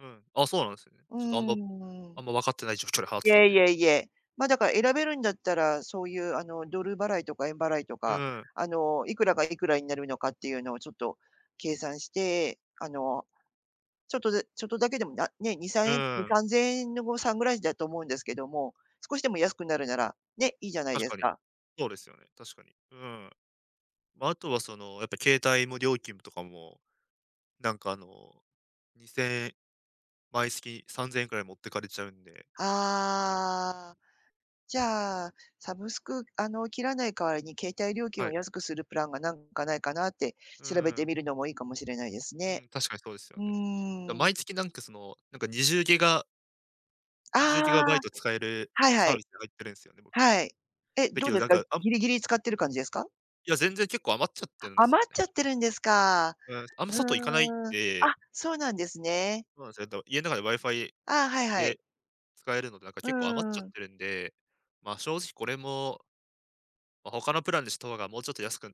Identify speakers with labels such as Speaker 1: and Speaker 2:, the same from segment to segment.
Speaker 1: うん、あ、そうなんですよね。
Speaker 2: う
Speaker 1: ちょっとあんま
Speaker 2: んうん。
Speaker 1: あんま分かってない状況で払っ
Speaker 2: い
Speaker 1: てたん
Speaker 2: えい
Speaker 1: で。
Speaker 2: えいえ。ま、だから選べるんだったら、そういうあのドル払いとか円払いと
Speaker 1: う
Speaker 2: か、
Speaker 1: ん。
Speaker 2: あのいくらがいくらになるのかっていうのをちょっと計算して、あの、ちょっとでちょっとだけでもなね、にさん
Speaker 1: う
Speaker 2: えん、に
Speaker 1: ん。
Speaker 2: さんぜんえんの誤差ぐらいだと思うんですけども、少しでも安くなるなら、ね、いいじゃない
Speaker 1: 確
Speaker 2: です
Speaker 1: かに。
Speaker 2: か。
Speaker 1: そうですよね、確かに。うん。まあ、あとはその、やっぱ携帯も料金とかも、なんかあの、2000円毎月3000円ぐらい持ってかれちゃうんですよ。
Speaker 2: ああ、じゃあ、サブスクあの切らない代わりに携帯料金
Speaker 1: は
Speaker 2: を
Speaker 1: い。
Speaker 2: 安くするプランがなんかないかなって、
Speaker 1: う
Speaker 2: 調べ
Speaker 1: ー
Speaker 2: て
Speaker 1: ん。
Speaker 2: みるのもいいかもしれないです
Speaker 1: う
Speaker 2: ね。
Speaker 1: ん、確かにそうですよ
Speaker 2: う
Speaker 1: ね。だ
Speaker 2: ーん。
Speaker 1: 毎月なんか、その、なんか20ギガ
Speaker 2: あ
Speaker 1: にじゅうギガバイ
Speaker 2: あ、
Speaker 1: ト使える
Speaker 2: はいは
Speaker 1: サービ
Speaker 2: い。
Speaker 1: スに入ってるんすよね、僕。
Speaker 2: はい、え、
Speaker 1: だ
Speaker 2: ど
Speaker 1: け
Speaker 2: う
Speaker 1: ど、
Speaker 2: です
Speaker 1: なん
Speaker 2: か？
Speaker 1: か、あん
Speaker 2: ギリギリ使ってる感じですか？
Speaker 1: いや、全然結構余っちゃってるんですよ
Speaker 2: 余っ
Speaker 1: ね。
Speaker 2: ちゃってるんですか。
Speaker 1: うん、あんま外行かないん
Speaker 2: うーん。
Speaker 1: で。
Speaker 2: あ、そうなんですね。
Speaker 1: まあぜんど家の中で WiFi
Speaker 2: ああ、はいはい。
Speaker 1: で使えるので、なんか
Speaker 2: うん
Speaker 1: 結構余っ
Speaker 2: う
Speaker 1: ち
Speaker 2: ん
Speaker 1: ゃ
Speaker 2: う
Speaker 1: っ
Speaker 2: ん。
Speaker 1: てるんで、まあ正直これもま、他のプランでした方がもうちょっと安く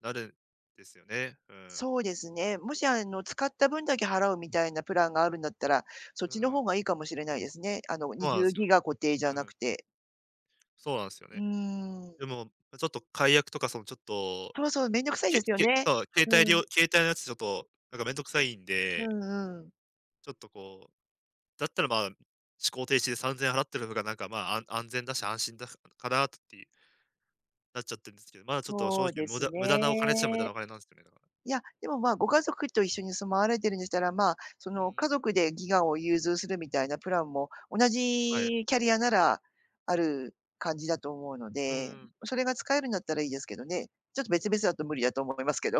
Speaker 1: なるんですよね。うん。
Speaker 2: そうですね、もしあの、使った分だけ払うみたいなプランがあるんだったら、そっ
Speaker 1: う
Speaker 2: ちの
Speaker 1: ん。
Speaker 2: 方がいいかもしれないですね。あの、に
Speaker 1: そう
Speaker 2: じ
Speaker 1: な
Speaker 2: ゅ
Speaker 1: ん
Speaker 2: う
Speaker 1: すよ。
Speaker 2: ギガ固定じ
Speaker 1: う
Speaker 2: ゃなく
Speaker 1: ん。
Speaker 2: て。
Speaker 1: そうなんすよ
Speaker 2: うー
Speaker 1: ね。で
Speaker 2: ん。
Speaker 1: も、ちょっと解約とかそのちょっと、
Speaker 2: そうそう、面倒くさいで
Speaker 1: け
Speaker 2: すよ
Speaker 1: け
Speaker 2: ね。
Speaker 1: か携帯
Speaker 2: う
Speaker 1: りょ
Speaker 2: ん。
Speaker 1: う携帯のやつちょっとなんかめんどくさいん
Speaker 2: う
Speaker 1: で。
Speaker 2: んうん。
Speaker 1: ちょっとこう、だったら、ま、思考停止で3000円払ってるのがなんか、ま、あん安全だし、安心だかなっていう。なっちゃってるんですけど、まだちょっと正
Speaker 2: そう
Speaker 1: 直、
Speaker 2: で
Speaker 1: 無
Speaker 2: す
Speaker 1: 駄無駄なお金っちゃ無駄な
Speaker 2: ね。
Speaker 1: お金なんすよね、だから。
Speaker 2: いや、でも、まあ、ご家族と一緒に住まわれてるんでしたら、まあ、そ
Speaker 1: う
Speaker 2: の
Speaker 1: ん。
Speaker 2: 家族でギガを融通するみたいなプランも同
Speaker 1: はい。
Speaker 2: じキャリアならある感じだと思うの
Speaker 1: うんう
Speaker 2: で、
Speaker 1: ん。
Speaker 2: それが使えるんだったらいいですけどね、ちょっと別々だと無理だと思いますけど。